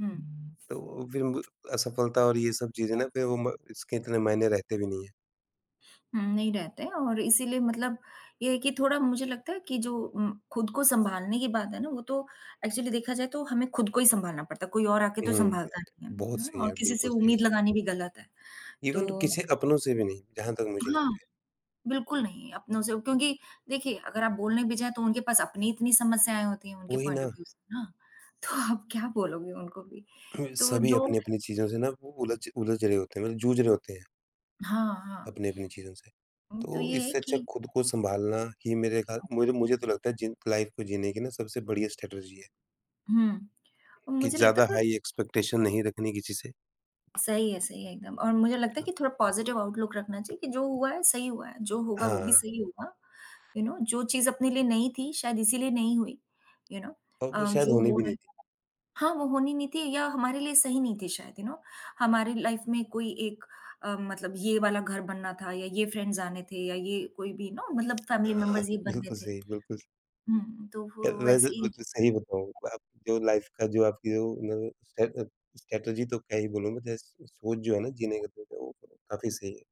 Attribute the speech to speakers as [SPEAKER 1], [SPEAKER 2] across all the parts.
[SPEAKER 1] हुँ।
[SPEAKER 2] तो फिर उनको असफलता और ये सब चीज़ें ना फिर वो म इसके इतने मायने रहते भी नहीं हैं।
[SPEAKER 1] हुँ, नहीं रहता है और इसीलिए मतलब ये है कि थोड़ा मुझे लगता है कि जो उम, खुद को सँभालने की बात है ना वो तो एक्चुअली देखा जाए तो हमें खुद को ही सँभालना पड़ता है, कोई और आकर तो
[SPEAKER 2] हुँ।
[SPEAKER 1] सँभालता नहीं है।
[SPEAKER 2] बहुत
[SPEAKER 1] यू नो
[SPEAKER 2] सही
[SPEAKER 1] और
[SPEAKER 2] है,
[SPEAKER 1] किसी से
[SPEAKER 2] बिल्कुल सही।
[SPEAKER 1] उम्मीद लगानी भी गलत है,
[SPEAKER 2] इवन तो
[SPEAKER 1] तो
[SPEAKER 2] किसी अपनों से भी नहीं, जहाँ तक मुझे
[SPEAKER 1] हाँ।
[SPEAKER 2] लगता है।
[SPEAKER 1] बिल्कुल नहीं, अपनों से क्योंकि देखिए अगर आप बोलने भी जाएँ तो उनके पास अपनी इतनी समस्यायें होती हैं उनके
[SPEAKER 2] वही
[SPEAKER 1] पॉइंट ऑफ़
[SPEAKER 2] ना।
[SPEAKER 1] व्यू से ना। तो आप क्या बोलोगे उनको भी।
[SPEAKER 2] हुँ,
[SPEAKER 1] तो
[SPEAKER 2] सभी
[SPEAKER 1] जो
[SPEAKER 2] अपनी-अपनी चीज़ों से ना वो उलझ उलझ रहे होते हैं, जूझ रहे होते हैं।
[SPEAKER 1] हाँ, हाँ।
[SPEAKER 2] अपनी-अपनी चीज़ों से।
[SPEAKER 1] उम, तो
[SPEAKER 2] तो
[SPEAKER 1] ये है
[SPEAKER 2] इससे अच्छा
[SPEAKER 1] कि
[SPEAKER 2] खुद को सँभालना ही मेरे खाल मेरे मुझे तो लगता है जिन लाइफ को जीने की ना सबसे बढ़िया स्ट्रेटेजी है।
[SPEAKER 1] हुँ।
[SPEAKER 2] कि
[SPEAKER 1] मुझे लगता
[SPEAKER 2] ज़्यादा
[SPEAKER 1] काब
[SPEAKER 2] हाई एक्सपेक्टेशन नहीं रखने किसी से।
[SPEAKER 1] सही है, सही है एकदम। और मुझे लगता है कि थोड़ा पॉज़िटिव आउटलुक रखना चाहिए कि जो हुआ है सही हुआ है, जो होगा वो भी
[SPEAKER 2] हाँ।
[SPEAKER 1] सही होगा। यू नो जो चीज़ अपने लिए नहीं थी शायद इसीलिए नहीं हुई। यू नो
[SPEAKER 2] औ
[SPEAKER 1] अ,
[SPEAKER 2] वो शायद
[SPEAKER 1] जो
[SPEAKER 2] होनी
[SPEAKER 1] हो
[SPEAKER 2] भी
[SPEAKER 1] रहा
[SPEAKER 2] नहीं
[SPEAKER 1] है
[SPEAKER 2] थी।
[SPEAKER 1] हाँ, वो होनी नहीं थी या हमारे लिए सही नहीं थी शायद यू नो। हमारी लाइफ में कोई एक अ, मतलब ये वाला घर बनना था या ये फ्रेंड्स आने थे या ये कोई भी नो मतलब
[SPEAKER 2] अ,
[SPEAKER 1] फैमिली
[SPEAKER 2] ह हाँ,
[SPEAKER 1] मेंबर्स ही बनने
[SPEAKER 2] बिल्कुल
[SPEAKER 1] थे।
[SPEAKER 2] सही, बिल्कुल स
[SPEAKER 1] हुँ, तो
[SPEAKER 2] अ,
[SPEAKER 1] वो
[SPEAKER 2] वैसे
[SPEAKER 1] वैसे ही
[SPEAKER 2] कुछ सही बताऊँ, अब जो लाइफ का जो आपकी जो न स्टे अ, स्ट्रेटेजी तो क्या ही बोलूँ, मैं जैस सोच जो है ना जीने का तो तो वो काफ़ी सही है।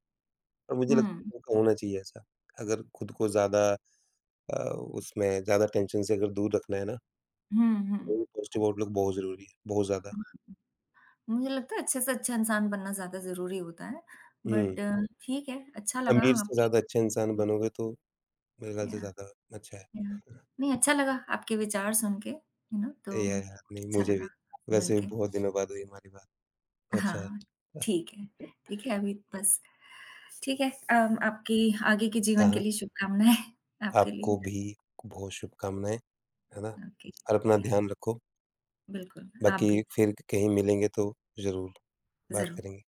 [SPEAKER 2] और मुझे लगता
[SPEAKER 1] हुँ।
[SPEAKER 2] है उनका होना चाहिए ऐसा। अगर खुद को ज़्यादा अ, उसमें ज़्यादा टेंशन से अगर दूर रखना है ना
[SPEAKER 1] हुँ, हुँ।
[SPEAKER 2] तो पॉज़िटिव आउटलुक बहुत ज़रूरी है, बहुत ज़्यादा।
[SPEAKER 1] मुझे लगता है अच्छे से अच्छा इंसान बनना ज़्यादा ज़रूरी होता है।
[SPEAKER 2] हुँ।
[SPEAKER 1] बट ठीक है अच्छा लगा
[SPEAKER 2] अमीर से
[SPEAKER 1] आपके
[SPEAKER 2] ज़्यादा अच्छा इंसान
[SPEAKER 1] हुँ।
[SPEAKER 2] बनोगे तो मेरे ख्याल से
[SPEAKER 1] याह,
[SPEAKER 2] ज़्यादा अच्छा
[SPEAKER 1] याह।
[SPEAKER 2] है।
[SPEAKER 1] नहीं अच्छा लगा आपके विचार सुनके यू नो।
[SPEAKER 2] ए,
[SPEAKER 1] तो
[SPEAKER 2] याह, याह। नहीं
[SPEAKER 1] अच्छा
[SPEAKER 2] मुझे
[SPEAKER 1] लगा
[SPEAKER 2] भी। वैसे
[SPEAKER 1] मिलके।
[SPEAKER 2] बहुत दिनों बाद हुई हमारी बात। अच्छा है,
[SPEAKER 1] हाँ,
[SPEAKER 2] वाह!
[SPEAKER 1] ठीक है। देखिए अभी बस ठीक है अम, आपकी आगे के
[SPEAKER 2] हाँ,
[SPEAKER 1] जीवन के
[SPEAKER 2] हाँ।
[SPEAKER 1] लिए शुभकामनाएँ आपके
[SPEAKER 2] आपको
[SPEAKER 1] लिए।
[SPEAKER 2] भी बहुत शुभकामनाएँ, है ना।
[SPEAKER 1] ओके,
[SPEAKER 2] और अपना
[SPEAKER 1] जी। याह।
[SPEAKER 2] ध्यान रखो।
[SPEAKER 1] बिल्कुल, आप
[SPEAKER 2] बाकी
[SPEAKER 1] भी।
[SPEAKER 2] फिर क कहीं मिलेंगे तो ज़रूर, बात
[SPEAKER 1] ज़रू
[SPEAKER 2] करेंगे।